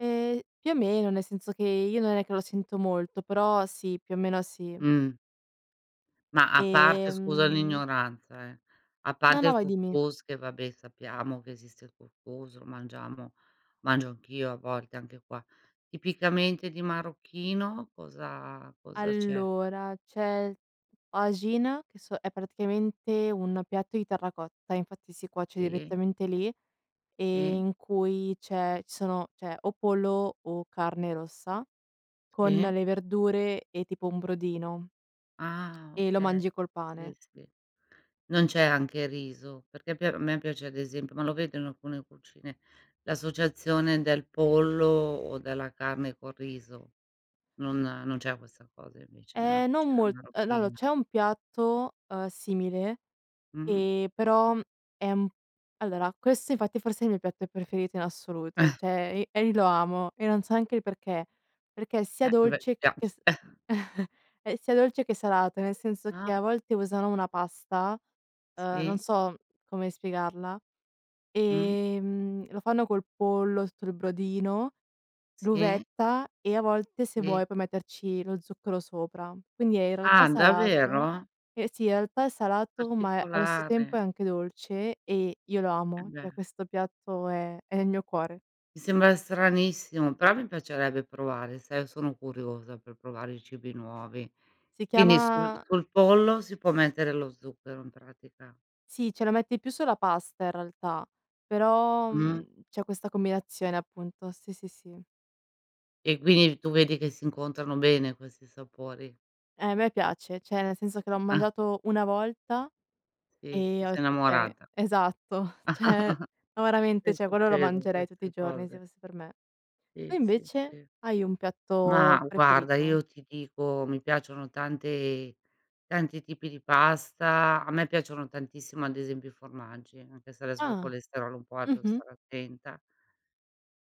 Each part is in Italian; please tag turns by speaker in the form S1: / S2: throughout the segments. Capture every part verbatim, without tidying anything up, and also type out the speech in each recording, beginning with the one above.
S1: Eh, più o meno, nel senso che io non è che lo sento molto, però sì, più o meno sì.
S2: Mh. Ma a parte scusa
S1: Ehm
S2: l'ignoranza, eh, a
S1: No,
S2: parte
S1: no,
S2: il
S1: vai
S2: cous
S1: dimmi.
S2: cous che vabbè sappiamo che esiste il cous cous, lo mangiamo, mangio anch'io a volte anche qua. Tipicamente di marocchino cosa cosa c'è?
S1: Allora, c'è tajine che so è praticamente un piatto di terracotta, infatti si cuoce
S2: Sì.
S1: direttamente lì,
S2: Sì.
S1: ehm, in cui c'è ci sono c'è o pollo o carne rossa, con
S2: Sì.
S1: le verdure e tipo un brodino.
S2: Ah,
S1: E lo
S2: okay.
S1: mangi col
S2: Sì,
S1: pane.
S2: sì. Non c'è anche riso, perché pi a me piace ad esempio ma lo vedo in alcune cucine, l'associazione del pollo o della carne col riso. Non non c'è questa cosa invece nella
S1: Ehm, non
S2: cucina
S1: molt ehm, no allò
S2: marocchina?
S1: c'è un piatto, ehm, simile,
S2: Mh.
S1: ehm, però è un p allora questo infatti è forse il mio piatto preferito in assoluto, ceh i e io lo amo e non so anche il perché: perché è sia
S2: Eh, beh,
S1: dolce che
S2: piace,
S1: s
S2: eh.
S1: è sia dolce che salato, nel senso che
S2: Ah.
S1: a volte usano una pasta, uhm, non
S2: Sì.
S1: so, come spiegarla,
S2: Mh.
S1: ehm, lo fanno col pollo, sul brodino,
S2: Sì.
S1: l'uvetta e a volte se
S2: Sì.
S1: vuoi, puoi metterci lo zucchero sopra. Quindi è in realtà
S2: Ah,
S1: salato,
S2: davvero?
S1: eh, sì in realtà è salato, ma è allo stesso tempo
S2: Particolare.
S1: è anche dolce e io lo amo,
S2: Embè.
S1: ceh questo piatto è è il mio cuore.
S2: Mi sembra stranissimo, però mi piacerebbe provare, sai io sono curiosa per provare i cibi nuovi.
S1: Si
S2: Quindi sul
S1: chiama
S2: sul pollo si può mettere lo zucchero in pratica.
S1: Sì, ce la metti più sulla pasta in realtà, però,
S2: Mh.
S1: mhmm, c'è questa combinazione appunto, sì, sì, sì.
S2: E quini tu vedi che si incontrano bene questi sapori.
S1: Eh, a me piace, ceh nel senso che l'ho
S2: Ah.
S1: mangiato una volta
S2: Sì, ti
S1: e ho
S2: sei
S1: detto: "Okay"
S2: innamorata.
S1: esatto; ceh, no,
S2: Eh,
S1: veramente quello lo
S2: succedono
S1: mangerei tutti i
S2: queste
S1: giorni se
S2: cose.
S1: fosse per me. Tu
S2: Sì, sì,
S1: invece?
S2: sì.
S1: Hai un
S2: Ma
S1: piatto
S2: guarda,
S1: preferito?
S2: io ti dico, mi piacciono tante tanti tipi di pasta. A me piacciono tantissimo ad esempio i formaggi, anche se adesso col
S1: Ah,
S2: colesterolo è un po' alto devo
S1: mh-mh.
S2: stare attenta.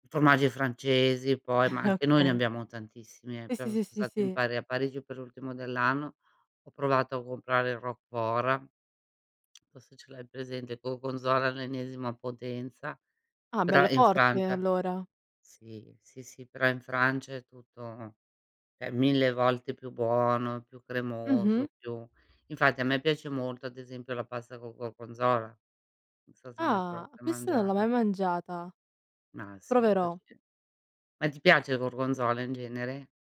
S2: Formaggi francesi poi, ma anche noi ne
S1: Okay.
S2: abbiamo tantissimi, eh,
S1: Sì,
S2: però
S1: sì,
S2: son
S1: sì,
S2: stato in
S1: sì.
S2: Pari a Parigi per l'ultimo dell'anno, ho provato a comprare il Roquefort forse ce l'hai presente, Gorgonzola all'ennesima potenza,
S1: Ah
S2: però
S1: bello
S2: in
S1: forte,
S2: Francia.
S1: allora.
S2: Sì, sì, sì, però in Francia è tutto ceh mille volte più buono, più
S1: Mh-mh.
S2: cremoso, più infatti a me piace molto ad esempio la pasta col gorgonzola. Non so se mai
S1: Ah.
S2: provato a
S1: Questa non l'ho
S2: mangiarla.
S1: mai mangiata.
S2: Ma sì, è
S1: Proverò.
S2: facile. Ma ti piace il gorgonzola in genere?